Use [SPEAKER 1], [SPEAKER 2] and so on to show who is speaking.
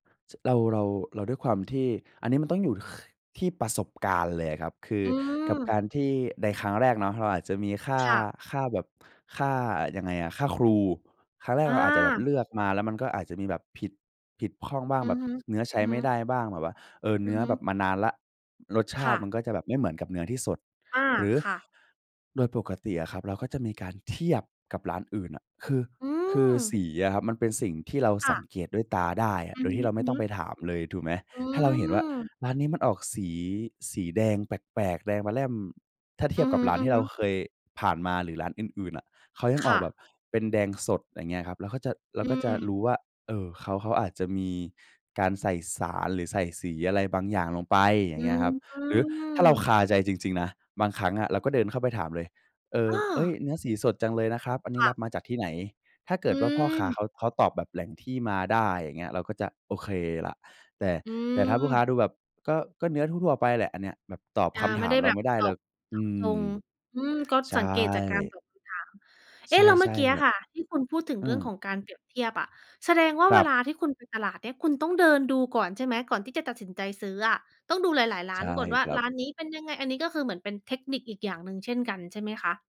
[SPEAKER 1] ช เรา เรา เราด้วยความที่ อันนี้มันต้องอยู่ ค ที่ประสบการณ์เลยอะครับ คือ
[SPEAKER 2] อื
[SPEAKER 1] กับก
[SPEAKER 2] ม
[SPEAKER 1] ารที่ ในครั้งแรกเนาะเราอาจจะมี ค่า
[SPEAKER 2] ค่ะ
[SPEAKER 1] ค่าแบบค่ายังไงอะ ค่าครูครั้งแรก
[SPEAKER 2] อ
[SPEAKER 1] เราอาจจะแบบ
[SPEAKER 2] า
[SPEAKER 1] เลือกมาแล้วมันก็อาจจะมีแบบ ผิด ผิดพร่องบ้าง
[SPEAKER 2] อื
[SPEAKER 1] แบ
[SPEAKER 2] อ
[SPEAKER 1] บ
[SPEAKER 2] ฮึ
[SPEAKER 1] เนื้อใช้
[SPEAKER 2] อือฮ
[SPEAKER 1] ไม
[SPEAKER 2] ึ
[SPEAKER 1] ่ได้บ้าง แบบว่า เออ เ
[SPEAKER 2] อ
[SPEAKER 1] น
[SPEAKER 2] ื
[SPEAKER 1] ื
[SPEAKER 2] อ
[SPEAKER 1] ้อ
[SPEAKER 2] ฮ
[SPEAKER 1] แบบ
[SPEAKER 2] ึ
[SPEAKER 1] มานานแล้ว รสช
[SPEAKER 2] ค
[SPEAKER 1] าต
[SPEAKER 2] ่
[SPEAKER 1] ิ
[SPEAKER 2] ะ
[SPEAKER 1] มันก็จะแบบไม่เหมือนกับเนื้อที่สด
[SPEAKER 2] อา
[SPEAKER 1] หรือ
[SPEAKER 2] ค่ะ
[SPEAKER 1] โดยปกติอะครับ เราก็จะมีการเทียบกับร้านอื่นน่ะ คือ
[SPEAKER 2] อื
[SPEAKER 1] คือส
[SPEAKER 2] ม
[SPEAKER 1] ีอะครับมันเป็นสิ่งที่เรา
[SPEAKER 2] ค
[SPEAKER 1] ส
[SPEAKER 2] ่
[SPEAKER 1] ัง
[SPEAKER 2] ะ
[SPEAKER 1] เกตด้วยตาได้อะ
[SPEAKER 2] อื
[SPEAKER 1] โด
[SPEAKER 2] อ
[SPEAKER 1] ยที่เราไม่ต
[SPEAKER 2] ฮ
[SPEAKER 1] ้อ
[SPEAKER 2] ึ
[SPEAKER 1] งไ
[SPEAKER 2] ๆ
[SPEAKER 1] ปถามเลย ถูกไหม
[SPEAKER 2] อื
[SPEAKER 1] ถ้าเราเห็นว่า
[SPEAKER 2] ม
[SPEAKER 1] ร้านนี้มันออก สี สีแดงแปลก ๆ แดงปะแล่ม ถ้าเท
[SPEAKER 2] อื
[SPEAKER 1] ียบ
[SPEAKER 2] อฮ
[SPEAKER 1] กับร้านที่เ
[SPEAKER 2] ึ
[SPEAKER 1] รา
[SPEAKER 2] ๆ
[SPEAKER 1] เคยผ่านมา หรือร้านอื่น ๆ อะ เขายัง
[SPEAKER 2] ค
[SPEAKER 1] ออก
[SPEAKER 2] ่
[SPEAKER 1] แบ
[SPEAKER 2] ะ
[SPEAKER 1] บเป็นแดงสด อะไรอย่างเงี้ยครับ เราก็จะ เรา
[SPEAKER 2] อื
[SPEAKER 1] ก็จะร
[SPEAKER 2] ม
[SPEAKER 1] ู้ว่า เออ เขา เขาอาจจะมีการใส่สาร หรือใส่สีอะไรบางอย่างลงไป อย่
[SPEAKER 2] อื
[SPEAKER 1] างเงี้ยครับ หรือถ้าเรา
[SPEAKER 2] ม
[SPEAKER 1] คาใจจริง ๆ นะ บางครั้งอะเราก็เดินเข้าไปถามเลย เอ
[SPEAKER 2] อ
[SPEAKER 1] อ
[SPEAKER 2] ้อ
[SPEAKER 1] เอ๊ย เนื้อสีสดจังเลยนะครับ อันนี
[SPEAKER 2] ค
[SPEAKER 1] ้
[SPEAKER 2] ่
[SPEAKER 1] ร
[SPEAKER 2] ะ
[SPEAKER 1] ับมาจากที่ไหน? ถ้าเก
[SPEAKER 2] อ
[SPEAKER 1] ิดว่าพ่อค้า
[SPEAKER 2] ืม
[SPEAKER 1] เขา เขาตอบแบบแหล่งที่มาได้ อย่างเงี้ย เราก็จะโอเคล่ะ แต่
[SPEAKER 2] อื
[SPEAKER 1] แต่ถ้าลูกค้า
[SPEAKER 2] ม
[SPEAKER 1] ดูแบบ ก็ ก็เนื้อทั่ว ๆ ไปแหละ อันเนี้ยแบบตอบ
[SPEAKER 2] อา
[SPEAKER 1] คำ
[SPEAKER 2] ไ
[SPEAKER 1] ถ
[SPEAKER 2] ม่
[SPEAKER 1] า
[SPEAKER 2] ไ
[SPEAKER 1] ม
[SPEAKER 2] ด้
[SPEAKER 1] เ
[SPEAKER 2] แ
[SPEAKER 1] รา
[SPEAKER 2] บ
[SPEAKER 1] ไ
[SPEAKER 2] บ
[SPEAKER 1] ม่ได้
[SPEAKER 2] ต
[SPEAKER 1] แล
[SPEAKER 2] อ
[SPEAKER 1] ้
[SPEAKER 2] บ
[SPEAKER 1] ว
[SPEAKER 2] เ
[SPEAKER 1] อ
[SPEAKER 2] จ
[SPEAKER 1] ื
[SPEAKER 2] าะจ
[SPEAKER 1] ม
[SPEAKER 2] ง อืม ก็
[SPEAKER 1] ใช
[SPEAKER 2] สังเกตจากการ
[SPEAKER 1] ่
[SPEAKER 2] ตอบคำถาม เอ๊
[SPEAKER 1] ใช
[SPEAKER 2] ะ แล้วเมื่อ
[SPEAKER 1] ่
[SPEAKER 2] กี้
[SPEAKER 1] ๆ
[SPEAKER 2] อ
[SPEAKER 1] แบ
[SPEAKER 2] ะ
[SPEAKER 1] บ
[SPEAKER 2] ค่ะ ที่คุณพูดถึง
[SPEAKER 1] อื
[SPEAKER 2] เรื่อง
[SPEAKER 1] ม
[SPEAKER 2] ของการเปรียบเทียบอะ แสดงว่า
[SPEAKER 1] คร
[SPEAKER 2] เว
[SPEAKER 1] ั
[SPEAKER 2] ล
[SPEAKER 1] บ
[SPEAKER 2] าที่คุณไปตลาดเนี่ย คุณต้องเดินดูก่อนใช่ไหม? ก่อนที่จะตัดสินใจซื้ออะ ต้องดูหลาย ๆ ร้
[SPEAKER 1] ใ
[SPEAKER 2] า
[SPEAKER 1] ช
[SPEAKER 2] น
[SPEAKER 1] ่
[SPEAKER 2] ก่อนว่า
[SPEAKER 1] ครั
[SPEAKER 2] ร
[SPEAKER 1] บ
[SPEAKER 2] ้านนี้เป็นยังไง? อันนี้ก็คือเหมือนเป็นเทคนิคอีกอย่างหนึ่งเช่นกันใช่ไหมคะ?